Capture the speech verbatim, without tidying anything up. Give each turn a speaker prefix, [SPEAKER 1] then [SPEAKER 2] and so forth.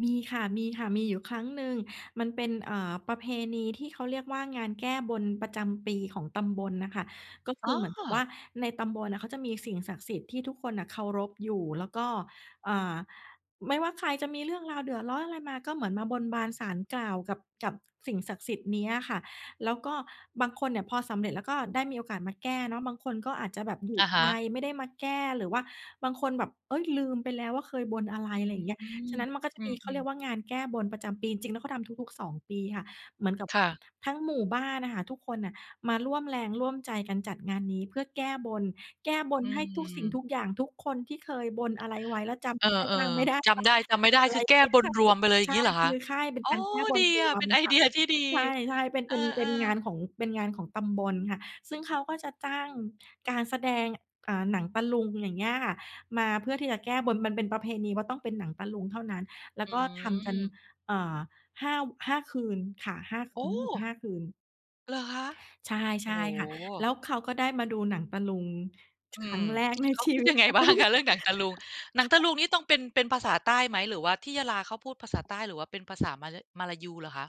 [SPEAKER 1] มีค่ะ มีค่ะ มีอยู่ครั้งหนึ่ง มันเป็น เอ่อ ประเพณีที่เขาเรียกว่า งานแก้บนประจำปีของตำบลอะค่ะ ก็ค
[SPEAKER 2] อ
[SPEAKER 1] ื
[SPEAKER 2] ๋
[SPEAKER 1] อเหมือนกับว่
[SPEAKER 2] อ
[SPEAKER 1] า ในตำบลอะเขาจะมีสิ่งศักดิ์สิทธิ์ที่ทุกคนน่ะเคารพอยู่ แล้วก็ เอ่อ ไม่ว่าใครจะมีเรื่องราวเดือดร้อนอะไรมา ก็เหมือนมาบนบานศาลกล่าวกับ กับสิ่งศักดิ์สิทธิ์นี้อะค่ะ แล้วก็บางคนเนี่ยพอสำเร็จ แล้วก็ได้มีโอกาสมาแก้เนาะ บางคนก็อาจจะแบบอยู่
[SPEAKER 2] อะฮ
[SPEAKER 1] ไกล
[SPEAKER 2] ะ
[SPEAKER 1] ไม่ได้มาแก้ หรือว่าบางคนแบบ เฮ้ย ลืมไปแล้วว่าเคยบนอะไร
[SPEAKER 2] อื
[SPEAKER 1] อะไร
[SPEAKER 2] ม
[SPEAKER 1] อย่างเงี้ย ฉะนั้นมันก็จะ
[SPEAKER 2] อื
[SPEAKER 1] มี เขาเรี
[SPEAKER 2] ม
[SPEAKER 1] ย
[SPEAKER 2] ๆ
[SPEAKER 1] กว่า งานแก้บนประจำปี จริง ๆ แล้วเขาทำทุก ๆ สอง ปีค่ะ เหมือนกับ
[SPEAKER 2] ค่ะ
[SPEAKER 1] ทั้งหมู่บ้านอะค่ะ ทุกคนอะมาร่วมแรงร่วมใจกันจัดงานนี้เพื่อแก้บน แก้บ
[SPEAKER 2] อ
[SPEAKER 1] น
[SPEAKER 2] ื
[SPEAKER 1] ให้ทุกสิ่ง
[SPEAKER 2] ม
[SPEAKER 1] ทุกอย่าง ทุกคนที่เคยบนอะไรไว้ แล้วจ
[SPEAKER 2] เออ
[SPEAKER 1] ำได้บ้างไม่ได้
[SPEAKER 2] ๆ จ
[SPEAKER 1] บ้า
[SPEAKER 2] ำไ
[SPEAKER 1] ง
[SPEAKER 2] ด้
[SPEAKER 1] ไม่
[SPEAKER 2] จำไม่ไ
[SPEAKER 1] เ
[SPEAKER 2] ด
[SPEAKER 1] ป
[SPEAKER 2] ้
[SPEAKER 1] ็นไ
[SPEAKER 2] ค
[SPEAKER 1] ร
[SPEAKER 2] ือแก
[SPEAKER 1] เล
[SPEAKER 2] ้
[SPEAKER 1] ย
[SPEAKER 2] บน
[SPEAKER 1] ค่ะ
[SPEAKER 2] รวมไปเลย
[SPEAKER 1] ใช่
[SPEAKER 2] งี้เหรอ
[SPEAKER 1] ค
[SPEAKER 2] ค
[SPEAKER 1] ื
[SPEAKER 2] ะ
[SPEAKER 1] อค่ายเป็
[SPEAKER 2] อ
[SPEAKER 1] น
[SPEAKER 2] ๋อ
[SPEAKER 1] การแก้บ
[SPEAKER 2] ดี
[SPEAKER 1] นร
[SPEAKER 2] อะ
[SPEAKER 1] ว
[SPEAKER 2] เป็
[SPEAKER 1] ม
[SPEAKER 2] น ไอ
[SPEAKER 1] ค
[SPEAKER 2] เ
[SPEAKER 1] ่
[SPEAKER 2] ด
[SPEAKER 1] ะ
[SPEAKER 2] ีย ที่ดี
[SPEAKER 1] ใช่ ๆ เป็น
[SPEAKER 2] เอ
[SPEAKER 1] เป
[SPEAKER 2] อ
[SPEAKER 1] ็น เป็นงา
[SPEAKER 2] ๆ
[SPEAKER 1] นของ เป็นงานของตำบลค่ะ ซึ่งเขาก็จะจ้างการแสดง เอ่อ หนังตะลุง อย่างเงี้ยค่ะ มาเพื่อที่จะแก้บน มันเป็นประเพณีว่า ต้องเป็นหนังตะลุงเท่านั้น แล้
[SPEAKER 2] อ
[SPEAKER 1] ว
[SPEAKER 2] ื
[SPEAKER 1] ก็ทำกัน
[SPEAKER 2] ม
[SPEAKER 1] เอ่อ ห้า ว ห้า คืนค่ะ ห้า ค
[SPEAKER 2] โอ
[SPEAKER 1] ืน รู้สึก
[SPEAKER 2] ้!
[SPEAKER 1] ห้า คืน
[SPEAKER 2] เหรอคะ?
[SPEAKER 1] ใช่
[SPEAKER 2] โ
[SPEAKER 1] ใ
[SPEAKER 2] อ
[SPEAKER 1] ช
[SPEAKER 2] ้
[SPEAKER 1] ่
[SPEAKER 2] โ
[SPEAKER 1] ค่ะ แล้
[SPEAKER 2] ฮ
[SPEAKER 1] วเขาก็ได้มาดูหนังตะลุงค
[SPEAKER 2] อื
[SPEAKER 1] รั
[SPEAKER 2] ม
[SPEAKER 1] ้งแรกใน
[SPEAKER 2] เขา
[SPEAKER 1] ชี
[SPEAKER 2] คิด
[SPEAKER 1] วิ
[SPEAKER 2] ย
[SPEAKER 1] ต
[SPEAKER 2] ังไง
[SPEAKER 1] เขา
[SPEAKER 2] บ้าง คะเรื่องหนังตะลุง หนังตะลุงนี่ต้องเป็น เป็นภาษาใต้ไหม หรือว่าที่ยะลาเขาพูดภาษาใต้ หรือว่าเป็นภาษามลา มลายูเหรอคะ?